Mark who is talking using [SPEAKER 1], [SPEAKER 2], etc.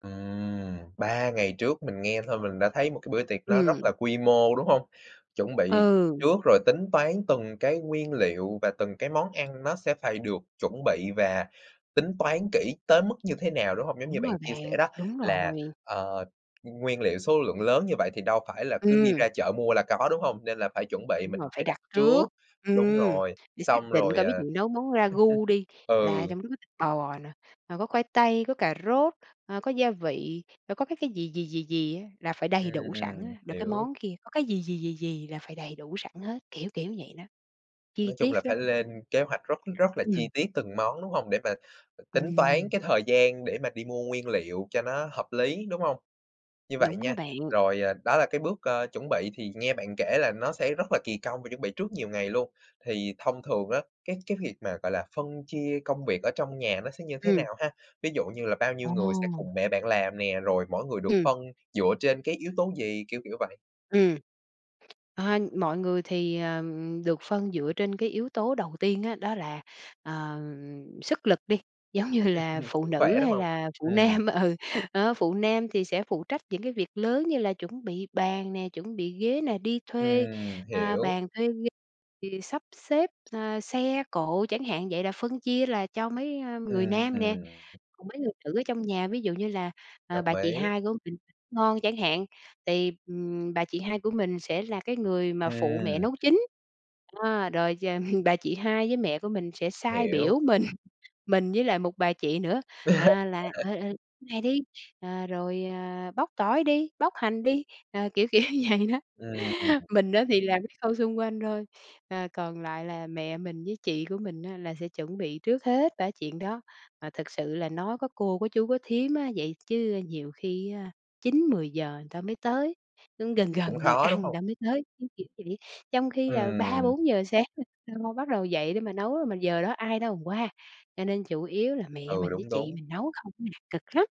[SPEAKER 1] Ừm, 3 ngày trước, mình nghe thôi mình đã thấy một cái bữa tiệc nó rất
[SPEAKER 2] Ừm.
[SPEAKER 1] là quy mô, đúng hông? Chuẩn bị
[SPEAKER 2] Ừ.
[SPEAKER 1] trước rồi tính toán từng cái nguyên liệu và từng cái món ăn nó sẽ phải được chuẩn bị và tính toán kỹ tới mức như thế nào, đúng hông? Giống như
[SPEAKER 2] Đúng
[SPEAKER 1] bạn
[SPEAKER 2] rồi
[SPEAKER 1] chia sẻ
[SPEAKER 2] bạn,
[SPEAKER 1] đó
[SPEAKER 2] đúng
[SPEAKER 1] là,
[SPEAKER 2] rồi.
[SPEAKER 1] ờ, nguyên liệu số lượng lớn như vậy thì đâu phải là cứ đi
[SPEAKER 2] Ừm.
[SPEAKER 1] ra chợ mua là có, đúng hông? Nên là phải chuẩn bị,
[SPEAKER 2] Đúng rồi,
[SPEAKER 1] mình phải
[SPEAKER 2] phải
[SPEAKER 1] đặt
[SPEAKER 2] đặt
[SPEAKER 1] trước.
[SPEAKER 2] trước.
[SPEAKER 1] Đúng
[SPEAKER 2] Ừm,
[SPEAKER 1] rồi,
[SPEAKER 2] để xác
[SPEAKER 1] xong
[SPEAKER 2] định
[SPEAKER 1] rồi
[SPEAKER 2] coi
[SPEAKER 1] à
[SPEAKER 2] ví dụ nấu món ra gu đi, là
[SPEAKER 1] ừ.
[SPEAKER 2] trong đó có thịt bò nè, rồi có khoai tây, có cà rốt, ờ, có gia vị, rồi có cái cái gì, gì, gì, gì á, là phải đầy
[SPEAKER 1] Ừm,
[SPEAKER 2] đủ sẵn
[SPEAKER 1] ừm,
[SPEAKER 2] á. Rồi cái
[SPEAKER 1] hiểu.
[SPEAKER 2] món kia, có cái gì, gì, gì, gì là phải đầy đủ sẵn hết, kiểu, kiểu, vậy đó, chi
[SPEAKER 1] Nói chung là
[SPEAKER 2] tiết lắm
[SPEAKER 1] phải lên kế hoạch rất rất là chi
[SPEAKER 2] Ừm.
[SPEAKER 1] tiết từng món, đúng hông? Để mà tính toán
[SPEAKER 2] Ừm.
[SPEAKER 1] cái thời gian để mà đi mua nguyên liệu cho nó hợp lý, đúng hông? Như vậy
[SPEAKER 2] Đúng đó
[SPEAKER 1] nha,
[SPEAKER 2] bạn.
[SPEAKER 1] rồi, à, đó là cái bước, ờ, chuẩn bị thì nghe bạn kể là nó sẽ rất là kỳ công và chuẩn bị trước nhiều ngày luôn. Thì thông thường á, cái cái việc mà, gọi là, phân chia công việc ở trong nhà nó sẽ như thế
[SPEAKER 2] Ừm.
[SPEAKER 1] nào ha? Ví dụ như là bao nhiêu người sẽ
[SPEAKER 2] Ồ.
[SPEAKER 1] cùng mẹ bạn làm nè, rồi mỗi người được
[SPEAKER 2] Ừm.
[SPEAKER 1] phân dựa trên cái yếu tố gì? Kiểu, kiểu, vậy.
[SPEAKER 2] Ừm. Ờ, mọi người thì, ờ, ừm, được phân dựa trên cái yếu tố đầu tiên á, đó là, ờ, ờm, sức lực đi. Giống như là phụ nữ
[SPEAKER 1] Khỏe, đúng
[SPEAKER 2] hay
[SPEAKER 1] hông?
[SPEAKER 2] là phụ
[SPEAKER 1] Ừm.
[SPEAKER 2] nam, ừ, đó, phụ nam thì sẽ phụ trách những cái việc lớn như là chuẩn bị bàn nè, chuẩn bị ghế nè, đi thuê,
[SPEAKER 1] Ừm,
[SPEAKER 2] à,
[SPEAKER 1] hiểu.
[SPEAKER 2] bàn thuê ghế thì sắp xếp, ờ, xe cộ chẳng hạn vậy là phân chia là cho mấy, ơ, người
[SPEAKER 1] Ừm,
[SPEAKER 2] nam nè.
[SPEAKER 1] ừm.
[SPEAKER 2] Còn mấy người nữ ở trong nhà ví dụ như là, à, bà
[SPEAKER 1] Đồng
[SPEAKER 2] chị
[SPEAKER 1] ý.
[SPEAKER 2] hai của mình nấu ăn ngon chẳng hạn, thì, ừm, bà chị hai của mình sẽ là cái người mà phụ mẹ
[SPEAKER 1] Ừm.
[SPEAKER 2] nấu chính. Đó, rồi ch ừm, bà chị hai với mẹ của mình sẽ sai
[SPEAKER 1] Hiểu.
[SPEAKER 2] biểu mình, mình với lại một bà chị nữa, à là, ờ, ờ, "Này đi!" Ờ, rồi, ờ, "Bóc tỏi đi, bóc hành đi!" Ờ, kiểu, kiểu, vậy đó.
[SPEAKER 1] Ừm.
[SPEAKER 2] Mình á thì làm cái khâu xung quanh thôi, à, còn lại là mẹ mình với chị của mình á là sẽ chuẩn bị trước hết ba cái chuyện đó. Mà thực sự là nói có cô, có chú, có thím á vậy chứ nhiều khi, ơ, 9:00-10:00 người ta mới tới, cũng gần
[SPEAKER 1] Cũng
[SPEAKER 2] gần giờ
[SPEAKER 1] khó, đúng
[SPEAKER 2] ăn người
[SPEAKER 1] hông?
[SPEAKER 2] ta mới tới, cứ kiểu vậy. Trong khi là ba
[SPEAKER 1] Ừm.
[SPEAKER 2] bốn giờ sáng là lo lo bắt đầu dậy để mà nấu, mà giờ đó ai đâu mà qua. Cho nên chủ yếu là mẹ
[SPEAKER 1] Ừ,
[SPEAKER 2] mình với
[SPEAKER 1] đúng,
[SPEAKER 2] chị
[SPEAKER 1] đúng.
[SPEAKER 2] mình nấu không à, cực lắm!